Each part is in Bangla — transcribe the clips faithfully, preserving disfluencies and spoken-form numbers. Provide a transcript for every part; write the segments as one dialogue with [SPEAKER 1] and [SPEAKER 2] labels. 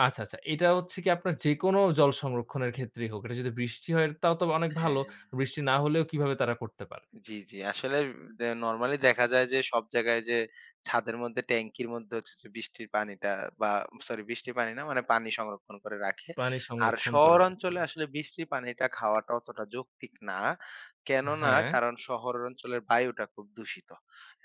[SPEAKER 1] আচ্ছা, আচ্ছা। এটা হচ্ছে গিয়ে আপনার যেকোনো জল সংরক্ষণের ক্ষেত্রেই হোক, এটা যদি বৃষ্টি হয় তাও তো অনেক
[SPEAKER 2] হ্যা।
[SPEAKER 1] ভালো। বৃষ্টি না হলেও কিভাবে তারা করতে পারে?
[SPEAKER 2] জ্বি, জ্বি। আসলে দা নরমালি দেখা যায় যে সব জায়গায় যে ছাদের মধ্যে ট্যাংকির মধ্যে হচ্ছে যে বৃষ্টির পানিটা বা সরি বৃষ্টির পানি না মানে পানি সংরক্ষণ করে রাখে।
[SPEAKER 1] পানি
[SPEAKER 2] আর
[SPEAKER 1] সংরক্ষণ করে রাখেন।
[SPEAKER 2] শহরাঞ্চলে আসলে বৃষ্টির পানিটা খাওয়াটা অতটা যৌক্তিক না। কেননা
[SPEAKER 1] হ্যা।
[SPEAKER 2] কারণ শহর অঞ্চলের বায়ুটা খুব দূষিত।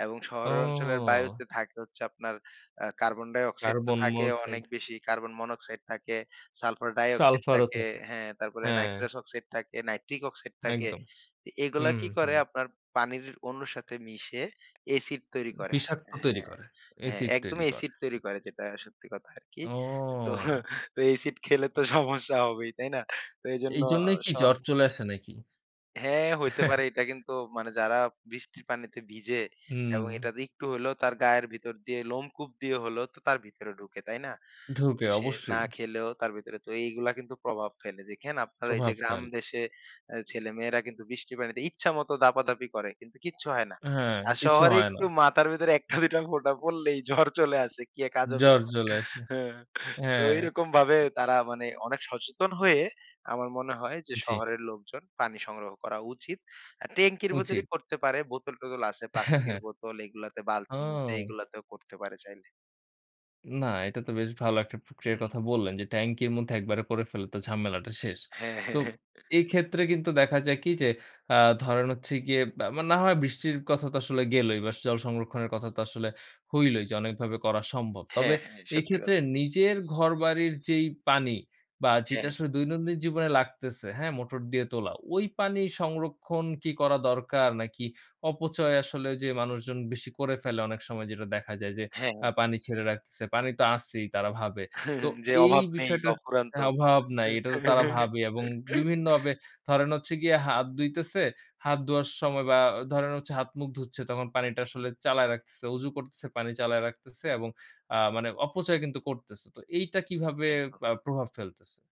[SPEAKER 2] এবং শহরের অঞ্চলের
[SPEAKER 1] ও।
[SPEAKER 2] বায়ুতে থাকে হচ্ছে আপনার আ কার্বন ডাই-অক্সাইড তো
[SPEAKER 1] Carbon
[SPEAKER 2] থাকে অনেক
[SPEAKER 1] monoxide।
[SPEAKER 2] বেশি। Carbon monoxide থাকে, salfar dioxide
[SPEAKER 1] Sulfur ও
[SPEAKER 2] থাকে
[SPEAKER 1] থাকে,
[SPEAKER 2] হ্যা, তারপরে
[SPEAKER 1] হ্যা।
[SPEAKER 2] naitrous oxide থাকে naitric oxide থাকে।
[SPEAKER 1] একদম।
[SPEAKER 2] এ এগুলা
[SPEAKER 1] হুম,
[SPEAKER 2] কি করে
[SPEAKER 1] হুম।
[SPEAKER 2] আপনার পানির অনুর সাথে মিশে এসিড তৈরি করে।
[SPEAKER 1] বিষাক্ত তৈরি
[SPEAKER 2] হ্যা,
[SPEAKER 1] করে,
[SPEAKER 2] হ্যা
[SPEAKER 1] এসিড তৈরি
[SPEAKER 2] একদমই
[SPEAKER 1] করে।
[SPEAKER 2] এসিড তৈরি করে যেটা সত্যি কথা আরকি। তো
[SPEAKER 1] ও!
[SPEAKER 2] এসিড খেলে তো সমস্যা হবেই, তাই না? তো এজন্য অ
[SPEAKER 1] এইজন্যেই
[SPEAKER 2] স
[SPEAKER 1] কি জ্বর চলে আসে নাকি?
[SPEAKER 2] হ্যা, হইতে পারে। এটা কিন্তু মানে যারা বৃষ্টির পানিতে ভিজে এবং
[SPEAKER 1] হুম।
[SPEAKER 2] এটা একটু হইলেও তার গায়ের ভিতর দিয়ে লোমকূপ দিয়ে হলেও তো তার ভিতরে ঢুকে, তাই না?
[SPEAKER 1] ঢুকে
[SPEAKER 2] সে না
[SPEAKER 1] অবশ্যই।
[SPEAKER 2] খেলেও তার ভেতরে, তো এইগুলা কিন্তু প্রভাব ফেলে। দেখেন আপনার
[SPEAKER 1] প্রভাব
[SPEAKER 2] এইযে গ্রাম
[SPEAKER 1] ফেলে।
[SPEAKER 2] দেশে আ ছেলেমেয়েরা কিন্তু বৃষ্টি পানিতে ইচ্ছামত দাপাদাপি করে, কিন্তু কিচ্ছু হয় না।
[SPEAKER 1] হ্যা,
[SPEAKER 2] আর
[SPEAKER 1] কিছু
[SPEAKER 2] শহরে
[SPEAKER 1] হয় না।
[SPEAKER 2] একটু মাথার ভেতরে এক টা, দুই টা ফোটা পড়লেই জ্বর চলে আসে। কি এক আজব
[SPEAKER 1] জ্বর
[SPEAKER 2] ব্যাপার!
[SPEAKER 1] চলে আসে,
[SPEAKER 2] হ্যা, তো
[SPEAKER 1] হ্যা।
[SPEAKER 2] এইরকমভাবে তারা মানে অনেক সচেতন হয়ে আমার মনে হয় যে
[SPEAKER 1] জ্বি।
[SPEAKER 2] শহরের লোকজন পানি সংগ্রহ করা উচিত। আর ট্যাংকির ভেতরেই
[SPEAKER 1] উচিত।
[SPEAKER 2] করতে পারে। বোতল-টোতল আছে, প্লাস্টিকের বোতল এগুলাতে বালতির মধ্যে
[SPEAKER 1] ও।
[SPEAKER 2] এগুলাতেও করতে পারে চাইলে।
[SPEAKER 1] না, এটা তো বেশ ভালো একটা
[SPEAKER 2] হু,
[SPEAKER 1] প্রক্রিয়ার
[SPEAKER 2] হু।
[SPEAKER 1] কথা বললেন যে ট্যাংকির মধ্যে একবারে করে ফেলতে, ঝামেলাটা শেষ।
[SPEAKER 2] হ্যা, হ্যা,
[SPEAKER 1] তো
[SPEAKER 2] হ্যা।
[SPEAKER 1] এইক্ষেত্রে কিন্তু দেখা যায় কি যে আ ধরেন হচ্ছে গিয়ে আ না হয় বৃষ্টির কথা তো আসলে গেলোই বাস জল সংরক্ষণের কথা তো আসলে হইলোই যে অনেকভাবে করা সম্ভব।
[SPEAKER 2] হ্যা,
[SPEAKER 1] তবে
[SPEAKER 2] হ্যা, সত্যি
[SPEAKER 1] এক্ষেত্রে
[SPEAKER 2] কথা।
[SPEAKER 1] নিজের ঘরবাড়ির যেই পানি বা, যেটা
[SPEAKER 2] হ্যা।
[SPEAKER 1] আসলে দৈনন্দিন জীবনে লাগতেছে, হ্যা? মোটর দিয়ে তোলা। ঐ পানি সংরক্ষণ কি করা দরকার? নাকি অপচয় আসলে ঐযে মানুষজন বেশি করে ফেলে অনেক সময় যেটা দেখা যায় যে
[SPEAKER 2] হ্যা, হ্যা।
[SPEAKER 1] আ পানি ছেড়ে রাখতেছে। পানি তো আছেই তারা ভাবে, তো
[SPEAKER 2] যে
[SPEAKER 1] এই
[SPEAKER 2] অভাব নেই,
[SPEAKER 1] বিষয়টা
[SPEAKER 2] অফুরন্ত।
[SPEAKER 1] অভাব নাই। এটা তো তারা ভাবে এবং বিভিন্নভাবে ধরেন হচ্ছে গিয়ে হাত ধুইতেছে, হাত ধোয়ার সময় বা ধরেন হচ্ছে হাতমুখ ধুচ্ছে তখন পানিটা আসলে চালায় রাখতেছে, অজু করতেছে পানি চালায় রাখতেছে এবং আ মানে অপচয় কিন্তু করতেছে। তো এইটা কিভাবে
[SPEAKER 2] একদম।
[SPEAKER 1] আ প্রভাব ফেলতেছে?